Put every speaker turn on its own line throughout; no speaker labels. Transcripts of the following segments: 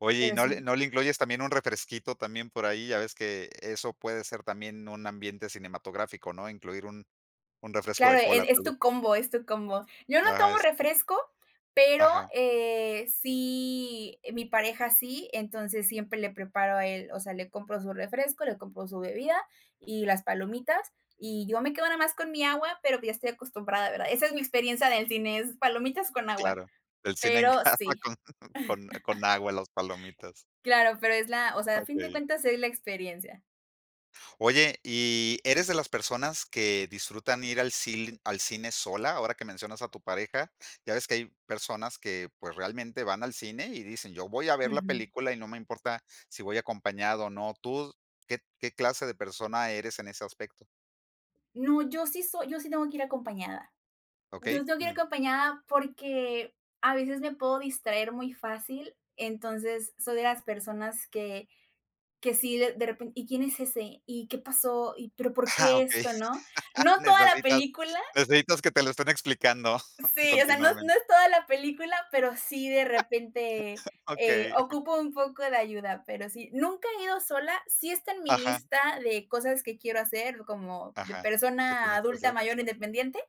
Oye, ¿y
Pero
no le
sí.
no le incluyes también un refresquito también por ahí? Ya ves que e eso puede ser también un ambiente cinematográfico, ¿no? Incluir un un refresco
Claro,
de cola,
e es
tal vez.
tu combo, es tu combo. Yo no
Ajá,
tomo
es
refresco, pero,
Ajá.
eh, sí mi pareja sí, entonces siempre le preparo a él, o sea, le compro su refresco, le compro su bebida y las palomitas, y yo me quedo nada más con mi agua, pero pues ya estoy acostumbrada, ¿verdad? Esa es mi experiencia del cine, es palomitas con agua,
Claro, el cine en
pero
casa
sí.
con con con agua y las palomitas.
Claro, pero es la, o sea, a fin de
Okey.
cuentas, es la experiencia.
Oye, ¿y eres de las personas que disfrutan ir al cil al cine sola? Ahora que mencionas a tu pareja, ya ves que hay personas que, pues, realmente van al cine y dicen: "Yo voy a ver la
Ujú.
película y no me importa si voy acompañado o no". ¿Tú qué qué clase de persona eres en ese aspecto?
No, yo sí soy yo sí tengo que ir acompañada.
Okey,
Yo tengo que ir
ujú.
acompañada porque, a veces, me puedo distraer muy fácil, entonces, soy de las personas que que sí, de de repen: "¿Y quién es ese? ¿Y qué pasó? ¿Y pero por
Ah,
qué
okey.
esto?" ¿No? No toda la
Necesitas
película
necesitas que te lo estén explicando
Sí, o sea, no no
continuamente.
es toda la película, pero sí, de repente, eh,
Okey.
ocupo un poco de ayuda, pero sí, nunca he ido sola, sí está en mi
Ajá.
lista de cosas que quiero hacer, como de
Ajá. ¿Qué
persona
tienes que
adulta
hacer?
mayor, independiente,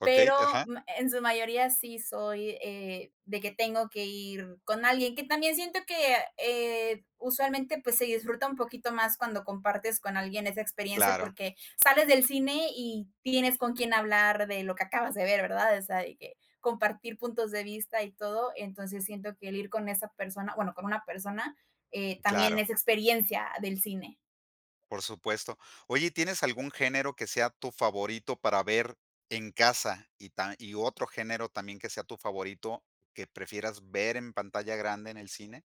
Okey,
pero
ajá.
mm en su mayoría sí soy, eh, de que tengo que ir con alguien. Que también siento que, eh, usualmente, pues se disfruta un poquito más cuando compartes con alguien esa experiencia,
Claro.
porque sales del cine y tienes con quién hablar de lo que acabas de ver, ¿verdad? O sea, de que, compartir puntos de vista y todo, entonces siento que el ir con esa persona, bueno, con una persona, eh, también
Claro.
es experiencia del cine.
Por supuesto. Oye, ¿y tienes algún género que sea tu favorito para ver en casa y tam y otro género también que sea tu favorito, que prefieras ver en pantalla grande, en el cine?